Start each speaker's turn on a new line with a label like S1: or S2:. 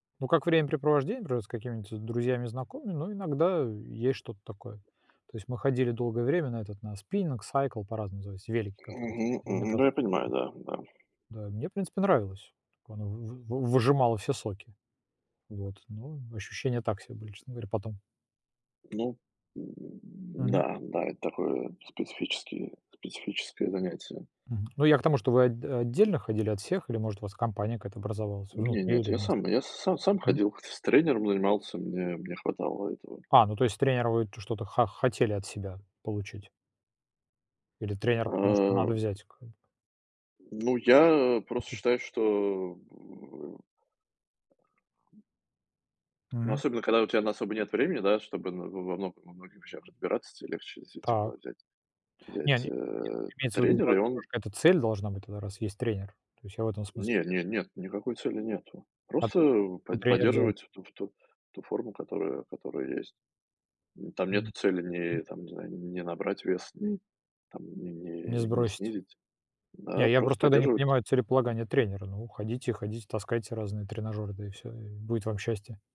S1: Ну как времяпрепровождение, например, с какими-нибудь с друзьями и знакомыми, но иногда и есть что-то такое. То есть мы ходили долгое время на этот на спиннинг, сайкл, по-разному называется, велики, которые
S2: Мгм, мгм. Да
S1: имитация
S2: я понимаю,
S1: такая.
S2: да, да.
S1: Да, и мне, в принципе, нравилось, так она в в вы выжимала все соки, вот, но ощущения так себе были, честно говоря потом.
S2: Ну.
S1: Мгм.
S2: Да, м, да, да, такое специфически специфическое занятие.
S1: Мгм, ну я к тому, что вы от отдельно ходили от всех или, может, у вас компания какая-то образовалась
S2: Не
S1: внутри
S2: нет,
S1: или
S2: я
S1: вместе?
S2: сам я с сам0 сам
S1: Мгм.
S2: ходил, х с тренером занимался, мне мне хватало этого.
S1: А, ну то есть тренера вы т что-то хо хотели от себя получить. Или тренера, потому что надо
S2: А
S1: взять к
S2: М, ну я, э, просто
S1: Букет.
S2: считаю, что, э Ну
S1: Мгм.
S2: особенно когда у тебя на особо нет времени, да, чтобы на во во во многих вещах разбираться, те легче
S1: Так.
S2: действительно взять
S1: Не, они.
S2: взять,
S1: Нет,
S2: э,
S1: имеется в виду,
S2: тренера, и он
S1: [unintelligible] какая-то цель должна быть тогда, раз есть тренер. То есть я в этом смысле.
S2: Не не нет, никакой цели нету.
S1: От
S2: Просто
S1: Ну
S2: под
S1: тренер делал.
S2: поддерживать ту ф ту ту форму, которая которая есть. Н там нету
S1: М.
S2: цели
S1: Мгм.
S2: не там, не знаю, не набрать вес, не там не
S1: Не
S2: не не
S1: сбросить.
S2: снизить. А
S1: Не, я
S2: просто
S1: просто тогда не
S2: поддерживать.
S1: понимаю целеполагания тренера. Ну ходите ходите, таскайте разные тренажёры, да и всё, и будет вам счастье.